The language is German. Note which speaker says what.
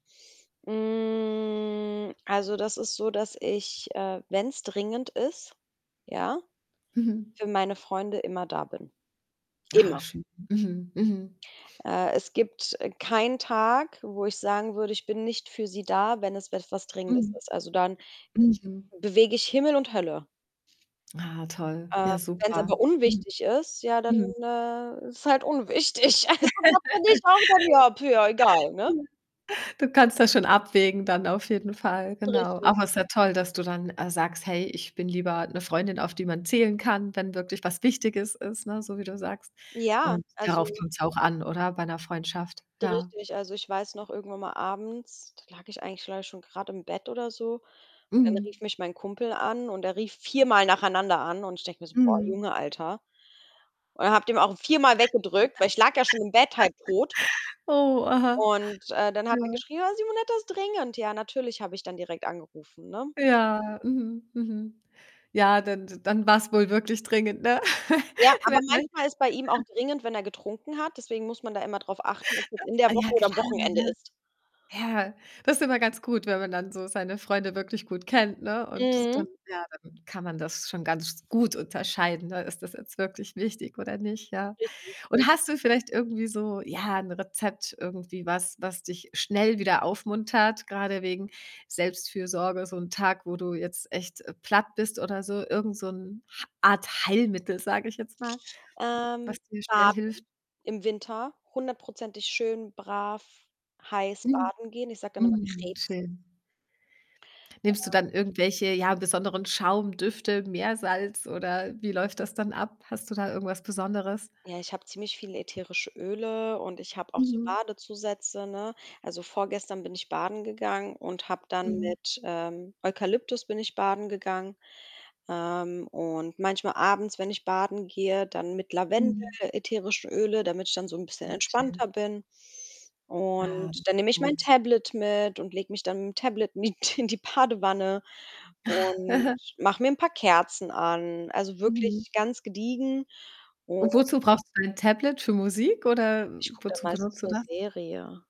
Speaker 1: Hm. Also, das ist so, dass ich, äh, wenn's dringend ist, ja,
Speaker 2: Mhm.
Speaker 1: für meine Freunde, immer da bin.
Speaker 2: Ah,
Speaker 1: Immer.
Speaker 2: schön. Mhm. Mhm.
Speaker 1: Äh, es gibt, äh, keinen Tag, wo ich sagen würde, ich bin nicht für sie da, wenn es etwas Dringendes
Speaker 2: Mhm.
Speaker 1: ist. Also, dann
Speaker 2: Mhm.
Speaker 1: bewege ich Himmel und Hölle.
Speaker 2: Ah, toll.
Speaker 1: Ähm,
Speaker 2: Ja,
Speaker 1: wenn's aber
Speaker 2: super. Mhm.
Speaker 1: unwichtig ist, ja, dann,
Speaker 2: Mhm.
Speaker 1: äh, ist es halt unwichtig. Also, das finde ich auch dann ja egal, ne?
Speaker 2: Ja. Du kannst das schon abwägen dann, auf jeden Fall, genau.
Speaker 1: Richtig.
Speaker 2: Aber ist ja toll, dass du dann, äh, sagst: „Hey, ich bin lieber 'ne Freundin, auf die man zählen kann, wenn wirklich was Wichtiges ist.“, ne, so wie du sagst.
Speaker 1: Ja,
Speaker 2: Und darauf
Speaker 1: also
Speaker 2: kommt's auch an, oder, bei 'ner Freundschaft?
Speaker 1: D
Speaker 2: Ja.
Speaker 1: richtig. Also, ich weiß noch, irgendwann mal abends, da lag ich eigentlich, glaube ich, schon grade im Bett oder so. Dann
Speaker 2: Mhm.
Speaker 1: rief mich mein Kumpel an und er rief viermal nacheinander an. Und ich denke mir so: „Boah,
Speaker 2: Mhm.
Speaker 1: Junge, Alter.“ Und habe den auch viermal weggedrückt, weil ich lag ja schon im Bett, halbtot.
Speaker 2: Oh, aha.
Speaker 1: Und, äh, dann hat er
Speaker 2: Ja.
Speaker 1: geschrieben: „Ah, Simonetta, ist dringend.“ Ja, natürlich habe ich dann direkt angerufen, ne?
Speaker 2: Ja, mhm, mhm. Ja, dan d dann war's wohl wirklich dringend, ne?
Speaker 1: Ja, aber
Speaker 2: Wenn
Speaker 1: manchmal ist bei ihm auch
Speaker 2: [unintelligible]
Speaker 1: dringend, wenn er getrunken hat, deswegen muss man da immer drauf achten, ob das in der
Speaker 2: Ah, ja,
Speaker 1: Woche oder
Speaker 2: klar,
Speaker 1: am
Speaker 2: ja,
Speaker 1: Wochenende
Speaker 2: ja.
Speaker 1: ist.
Speaker 2: Ja, das ist immer ganz gut, wenn man dann so seine Freunde wirklich gut kennt, ne? Und
Speaker 1: Mhm.
Speaker 2: dann ja, dann kann man das schon ganz gut unterscheiden, ne? Ist das jetzt wirklich wichtig, oder nicht? Ja.
Speaker 1: Richtig. Richtig.
Speaker 2: Und hast du vielleicht irgendwie so, ja, 'n Rezept, irgendwie was, was dich schnell wieder aufmuntert? Grade wegen Selbstfürsorge, so 'n Tag, wo du jetzt echt platt bist, oder so? Irgend so 'n Ha Art Heilmittel, sage ich jetzt mal,
Speaker 1: Ähm,
Speaker 2: was dir schnell
Speaker 1: baden,
Speaker 2: hilft?
Speaker 1: im Winter, hundertprozentig schön brav, heiß
Speaker 2: Mhm.
Speaker 1: baden gehen. Ich sage dann immer
Speaker 2: Mhm,
Speaker 1: Krebsen.
Speaker 2: schön. Nimmst du
Speaker 1: Äh.
Speaker 2: dann irgendwelche, ja, besonderen Schaum, Düfte, Meersalz, oder, wie läuft das dann ab? Hast du da irgendwas Besonderes?
Speaker 1: Ja, ich habe ziemlich viele ätherische Öle und ich habe auch so
Speaker 2: Mhm.
Speaker 1: Badezusätze, ne? Also vorgestern bin ich baden gegangen und habe dann
Speaker 2: Mhm.
Speaker 1: mit, ähm, Eukalyptus bin ich baden gegangen. Ähm. Und manchmal abends, wenn ich baden gehe, dann mit Lavendel,
Speaker 2: Mhm.
Speaker 1: ätherischen Öle, damit ich dann so 'n bisschen
Speaker 2: Mm, schön.
Speaker 1: entspannter bin.
Speaker 2: Ah,
Speaker 1: Und
Speaker 2: das ist
Speaker 1: dann nehme ich mein
Speaker 2: gut.
Speaker 1: Tablet mit und lege mich dann mit'm Tablet mit in die Badewanne und mache mir 'n paar Kerzen an. Also
Speaker 2: Mhm.
Speaker 1: wirklich ganz gediegen. Und
Speaker 2: Und wozu brauchst du dein Tablet? Für Musik, oder
Speaker 1: Ich kucke dann
Speaker 2: wozu
Speaker 1: meistens
Speaker 2: benutzt du
Speaker 1: 'ne
Speaker 2: das?
Speaker 1: Serie.